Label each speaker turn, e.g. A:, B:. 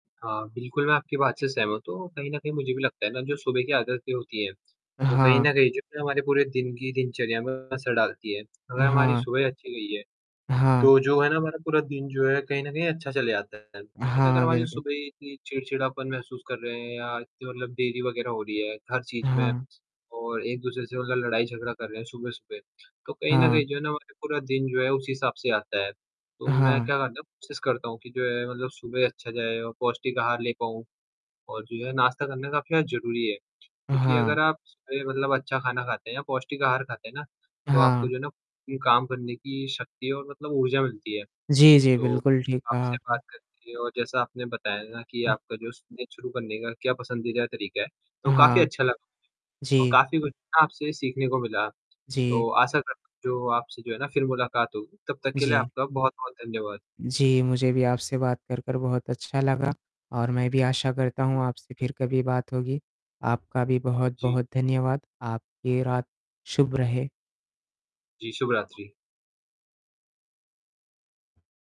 A: हाँ, बिल्कुल मैं आपकी बात से सहमत हूँ। तो कहीं न कहीं मुझे भी लगता है ना जो सुबह की आदतें होती है।
B: अ,
A: वो कहीं
B: हाँ।
A: न कहीं जो है हमारे पूरे दिन की दिनचर्या में असर डालती है।
B: अ,
A: अगर हमारी
B: हाँ।
A: सुबह अच्छी गई है,
B: हाँ।
A: तो जो है ना हमारा पूरा दिन जो है कहीं न कहीं अच्छा चला जाता है। लेकिन अगर
B: हाँ,
A: हमारी
B: बिल्कुल।
A: सुबह ही इतनी चिड़चिड़ापन महसूस कर रहे हैं या इतनी मतलब देरी वगैरह हो रही हैं हर चीज़ में
B: हाँ।
A: और एक-दूसरे से मतलब लड़ाई-झगड़ा कर रहे हैं सुबह सुबह। तो कहीं न
B: हाँ।
A: कहीं जो है ना हमारा पूरा दिन जो है उसी हिसाब से आता है। तो मैं
B: हाँ।
A: क्या करता हूँ, कोशिश करता हूँ कि जो है मतलब सुबह अच्छा जाए और पौष्टिक आहार ले पाऊँ। और जो है नाश्ता करने का अपना ज़रूरी है।
B: अ,
A: क्योंकि अगर
B: हाँ।
A: आप सही मतलब अच्छा खाना खाते हैं या पौष्टिक आहार खाते हैं ना। तो आपको
B: हाँ।
A: जो है ना काम करने की शक्ति और मतलब ऊर्जा मिलती है।
B: जी, जी।
A: तो
B: बिल्कुल, ठीक कहा
A: आपसे बात
B: आपने।
A: करके और जैसा आपने बताया ना कि
B: उह
A: आपका जो सुबह शुरू करने का क्या पसंदीदा तरीका है।
B: अ,
A: तो काफ़ी
B: हाँ।
A: अच्छा लगा मुझे और
B: जी।
A: काफ़ी कुछ ना आपसे सीखने को मिला।
B: जी।
A: तो आशा करता हूँ जो आपसे जो है ना फ़िर मुलाकात होगी। तब तक के लिए
B: जी।
A: आपका बहुत बहुत धन्यवाद।
B: जी, मुझे भी आपसे बात करकर बहुत अच्छा लगा। और मैं भी आशा करता हूँ आपसे फ़िर कभी बात होगी। आपका भी
A: जी।
B: बहुत-बहुत धन्यवाद। आपकी रात शुभ रहे।
A: जी, शुभ रात्रि।